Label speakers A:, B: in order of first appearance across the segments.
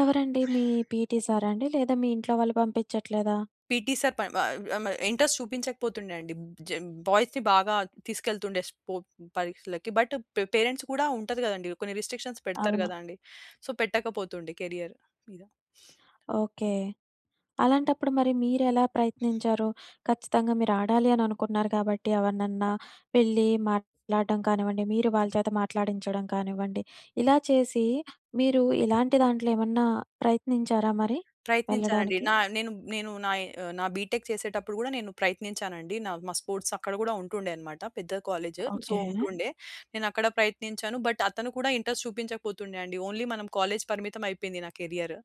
A: ఎవరండి మీ పీఈటీ సారా అండి? లేదా మీ ఇంట్లో వాళ్ళు బంపించట్లేదా?
B: పీఈటీ సర్ పన్ వ అమ ఇంట్రెస్ట్ చూపించకపోతుండే అండి. జ బాయ్స్‌ని బాగా తీసుకెళ్తుండే స్పో పరీక్షలకి. బట్ పే పేరెంట్స్ కూడా ఉంటది గదండి! కొన్ని రిస్ట్రిక్షన్స్ పెడతారు
A: అవును.
B: గదా! అండి. సో పెట్టకపోతుండే కేరియర్ మీద.
A: ఓకే. అలాంటప్పుడు మరి మీరెలా ప్రయత్నించారు? ఖచ్చితంగా మీరాడాలి అననుకున్నారు కాబట్టి ఎవరినన్నా వెళ్లి మాట్లాడడం కానివ్వండి, మీరు వాళ్ళ చేత మాట్లాడించడం కానివ్వండి, ఇలా చేసి మీరు ఇలాంటి దాంట్లో ఏమన్నా ప్రయత్నించారా మరి
B: ప్రయత్నించానండి.
A: వెళ్ళడానికి?
B: నా నేను నేను నాయి ఆహ్, నా బీ‌టెక్ చేసేటప్పుడు గూడా నేను ప్రయత్నించానండి. నా మా స్పోర్ట్స్ అక్కడ గూడా ఉంటుండే అన్నమాట. పెద్ద కాలేజీ సో,
A: ఓకే.
B: ఉంటుండే. నేను అక్కడ ప్రయత్నించాను బట్ అతను కూడా ఇంట్రెస్ట్ చూపించకపోతుండే అండి. ఓన్లీ మనం కాలేజీ పరిమితమైపోయింది నా కేరియర్.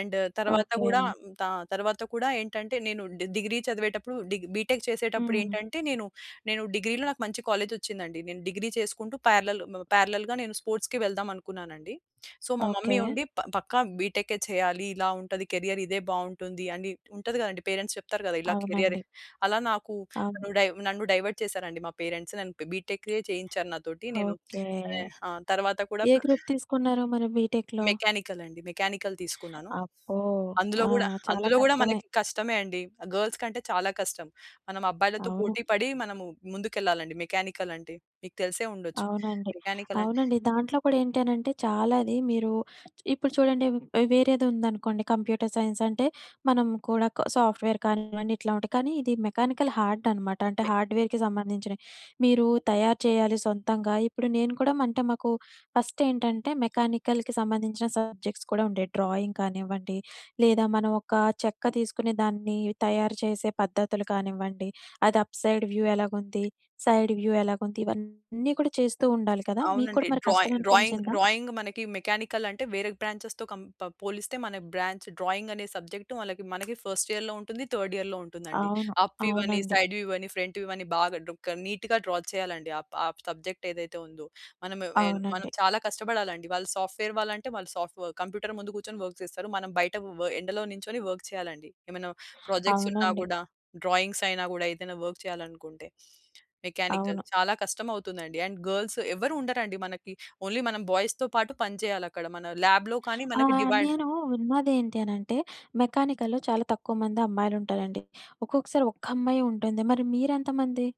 B: అండ్ తర్వాత
A: ఓకే.
B: గూడా త తర్వాత కూడా ఏంటంటే నేను ది డిగ్రీ చదివేటప్పుడు డి బీటెక్
A: హ్మ్.
B: చేసేటప్పుడేంటంటే నేను నేను డిగ్రీలో నాకు మంచి కాలేజీ ఒచ్చిందండి. నేను డిగ్రీ చేసుకుంటూ పారలెల్ మ పారలెల్‌గా నేను స్పోర్ట్స్‌కి వెళ్దాం అనుకున్నానండి. సో మా
A: ఓకే.
B: మమ్మీ ఉండి "ప పక్కా బీటెక్కే చేయాలి. ఇలా ఉంటది కేరియర్. ఇదే బావుంటుంది" అని ఉంటది గదండీ పేరెంట్స్ చెప్తారు గదా! ఇలా కేరియర్
A: అవునండి.
B: అలా నాకు
A: అవును.
B: నన్ను డైవ నన్ను డైవర్ట్ చేసారండి మా పేరెంట్స్. నన్ను ప్ బీటెక్కే చేయించారు నాతోటి. నేను
A: ఓకే.
B: వే ఆ! తర్వాత కూడా
A: ఏ
B: పె
A: గ్రూప్ తీసుకున్నారు మరి బీటెక్‌లో?
B: మెకానికల్ అండి. మెకానికల్ తీసుకున్నాను.
A: అబ్బో!
B: అందులో
A: ఆ!
B: గూడా
A: చాలా
B: అందులో గూడా
A: కష్టమే.
B: మనకి కష్టమే అండి. ఆహ్, గర్ల్స్ కంటే చాలా కష్టం. మనం అబ్బాయిలతో
A: అవును.
B: పోటీపడి మనము ముందుకెళ్ళాలండి మెకానికల్ అంటే. మీకు తెలిసే ఉండొచ్చు.
A: అవునండి.
B: మెకానికల్ అంటే
A: అవునండి. దాంట్లో కూడా ఏంటి అనంటే చాలానే అది మీరు ఇప్పుడు చూడండి ఆహ్, వేరేదుందనుకోండి కంప్యూటర్ సైన్స్ అంటే మనం కూడా సాఫ్ట్‌వేర్ కానివ్వండి, ఇట్లా ఉంటాయి. కానీ ఇది మెకానికల్ హార్డ్ అనమాట. అంటే
B: మే
A: హార్డ్‌వేర్‌కి సంబంధించినయి. మీరు తయారు చేయాలి సొంతంగా. ఇప్పుడు నేను కూడా అంటే మాకు ఫస్ట్ ఏంటంటే మెకానికల్‌కి సంబంధించిన సబ్జెక్ట్స్ కూడా ఉండేయి. డ్రాయింగ్ కానివ్వండి లేదా మనం ఒక చెక్క తీసుకుని దాన్ని తయారు చేసే పద్ధతులు కానివ్వండి, అది అప్‌సైడ్ వ్యూ ఎలగుంది? సైడ్ వ్యూ ఎలగుంది? ఇవన్నీ కూడా చేస్తూ ఉండాలి కదా! మీకు కూడా
B: అవునండి.
A: మరి
B: డ్రాయి
A: కష్టం
B: డ్రాయింగ్
A: అనిపించిందా?
B: డ్రాయింగ్ మనకి మెకానికల్ అంటే వేరే బ్రాంచెస్‌తో కంప పోలిస్తే మన బ్రాంచ్ డ్రాయింగ్ అనే సబ్జెక్ట్ వాళ్ళకి మనకి ఫస్ట్ ఇయర్‌లో ఉంటుంది, థర్డ్ ఇయర్‌లో ఉంటుందండి.
A: అవును.
B: అప్ వ్యూవని,
A: అవునండి.
B: సైడ్ వ్యూవని, ఫ్రంట్ వ్యూవని బాగా దొక నీట్‌గా డ్రా చేయాలండి. ఆ ప సబ్జెక్ట్ ఏదైతే ఉందో. మనం ఎన్ మనం
A: అవునండి.
B: చాలా కష్టపడాలండి. వాళ్ళు సాఫ్ట్‌వేర్ వాళ్ళంటే వాళ్ళు సాఫూ కంప్యూటర్ ముందు కూర్చొని వర్క్స్ చేస్తారు. మనం బయట వ ఎండలో నిల్చొని వర్క్ చేయాలండి. ఏమైనా ప్రాజెక్ట్స్ ఉన్నా
A: అవునండి.
B: గూడా, డ్రాయింగ్స్ అయినా గూడా, ఏదైనా వర్క్ చేయాలనుకుంటే. మెకానికల్
A: అవును.
B: చాలా కష్టం అవుతుందండి. అండ్ గర్ల్స్ ఎవ్వరు ఉండరండి మనకి. ఓన్లీ మనం బాయ్స్‌తో పాటు పని చేయాలక్కడ. మన ల్యాబ్‌లో కానీ
A: ఆ!
B: మనకి డివైడ్
A: నేను విన్నదేంటి అనంటే మెకానికల్‌లో చాలా తక్కువ మంది అమ్మాయిలుంటారండి. ఒక్కొక్కసారి ఒక్కమ్మాయే ఉంటుంది. మరి మీరెంతమంది?